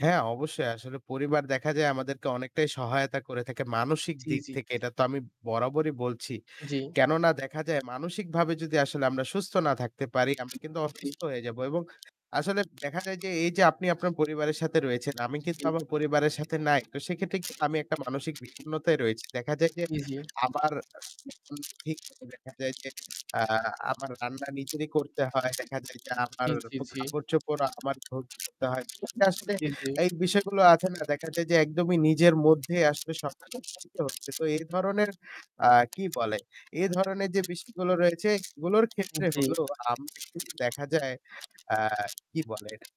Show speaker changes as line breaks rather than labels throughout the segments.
হ্যাঁ, অবশ্যই আসলে পরিবার দেখা যায় আমাদেরকে অনেকটাই সহায়তা করে থাকে মানসিক
জ্বি,
দিক
জ্বি।
থেকে এটা তো আমি বরাবরই বলছি।
জ্বি।
কেননা দেখা যায় মানসিকভাবে যদি আসলে আমরা সুস্থ না থাকতে পারি আমরা কিন্তু
জ্বী।
অসুস্থ হয়ে যাবো। এবং আসলে দেখা যায় যে এইযে আপনি আপনার পরিবারের সাথে রয়েছেন আমি কিন্তু
জ্বী।
আমার পরিবারের সাথে নাই, তো সেক্ষেত্রে কি আমি একটা মানসিক বিষণ্ণতায় রয়েছি। দেখা যায় যে
জ্বি, জ্বি।
আমার ভি দেখা যায় যে আ আমার রান্না নিজেরই করতে হয়। দেখা যায় যে আমার
জি, জি, জি।
কাপড়-চোপড় আমার ধুতে হয়। আসলে
জি, জি।
এই বিষয়গুলো আছে না, দেখা যায় যে একদমই নিজের মধ্যেই আসলে সব [unintelligible] হচ্ছে। তো এই ধরনের আ কি বলে? এ ধরনের যে বিষয়গুলো রয়েছে এগুলোর ক্ষেত্রে
জ্বী।
হলো আমরা কিন্তু দেখা যায় আ কি বলে এটাকে?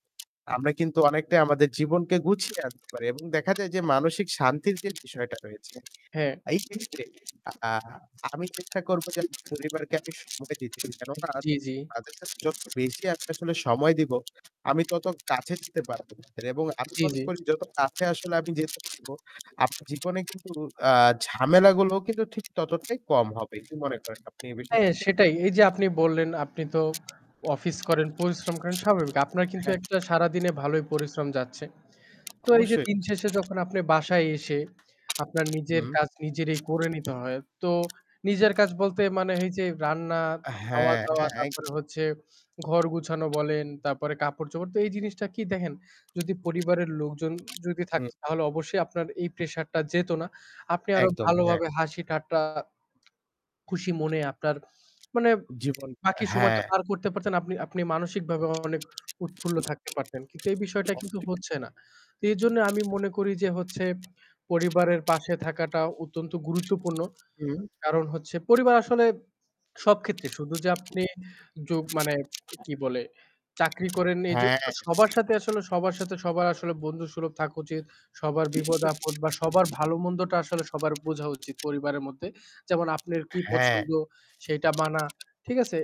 আমরা কিন্তু অনেকটাই আমাদের জীবনকে গুছিয়ে আনতে পারি এবং দেখা যায় যে মানসিক শান্তির যে বিষয়টা রয়েছে
হ্যাঁ।
এই ক্ষেত্রে আ আমি চেষ্টা করব যে পরিবারকে আমি সময় দিতে পারি। কেননা
জ্বি, জ্বি।
তাদের সাথে যত বেশি আমি আসলে সময় দিবো আমি তত কাছে যেতে পারবো এবং আমি
জ্বী,
মনে
জ্বী।
করি যত কাছে আসলে আমি যেতে পারব আপনার জীবনে কিন্তু আ ঝামেলাগুলোও কিন্তু ঠিক ততটাই কম হবে। কি মনে করেন আপনি এই
হ্যাঁ,
বিষয়টাতে?
সেটাই এইযে আপনি বললেন আপনি তো অফিস করেন পরিশ্রম করেন স্বাভাবিক, আপনার কিন্তু
হ্যাঁ।
১টা সারাদিনে ভালোই পরিশ্রম যাচ্ছে, তো এইযে
অবশ্যই।
দিন শেষে যখন আপনি বাসায় এসে আপনার নিজের
হুম।
কাজ নিজেরই করে নিতে হয় তো নিজের কাজ বলতে মানে এই যে রান্না,
হ্যাঁ,
খাওয়া-দাওয়া
হ্যাঁ একদম।
তারপরে হচ্ছে ঘর গোছানো বলেন তারপরে কাপড়-চোপড় তো এই জিনিসটা কি দেখেন যদি পরিবারের লোকজন যদি
হুম।
থাকত তাহলে অবশ্যই আপনার এই প্রেশারটা যেত না। আপনি আরও
একদম, হ্যাঁ।
ভালোভাবে হাসি-ঠাট্টা, খুশি মনে আপনার মানে
জীবন,
বাকি সময়টা
হ্যাঁ।
পার করতে পারতেন। আপনি আপনি মানসিকভাবেও অনেক উৎফুল্ল থাকতে পারতেন, কিন্তু এই বিষয়টা কিন্তু
[unintelligible]
হচ্ছে না। তো এজন্য আমি মনে করি যে হচ্ছে পরিবারের পাশে থাকাটা অত্যন্ত গুরুত্বপূর্ণ।
হুম।
কারণ হচ্ছে পরিবার আসলে সব ক্ষেত্রে শুধু যে আপনি যুগ মানে কি বলে? চাকরি করেন এইজন্য
হ্যাঁ।
সবার সাথে আসলে সবার সাথে সবার আসলে বন্ধুসুলভ থাকা উচিত সবার বিপদ-আপদ বা সবার
[unintelligible]
ভালোমন্দটা আসলে সবার বোঝা উচিত পরিবারের মধ্যে, যেমন আপনের কি
হ্যাঁ।
পছন্দ? সেইটা মানা, ঠিক আছে?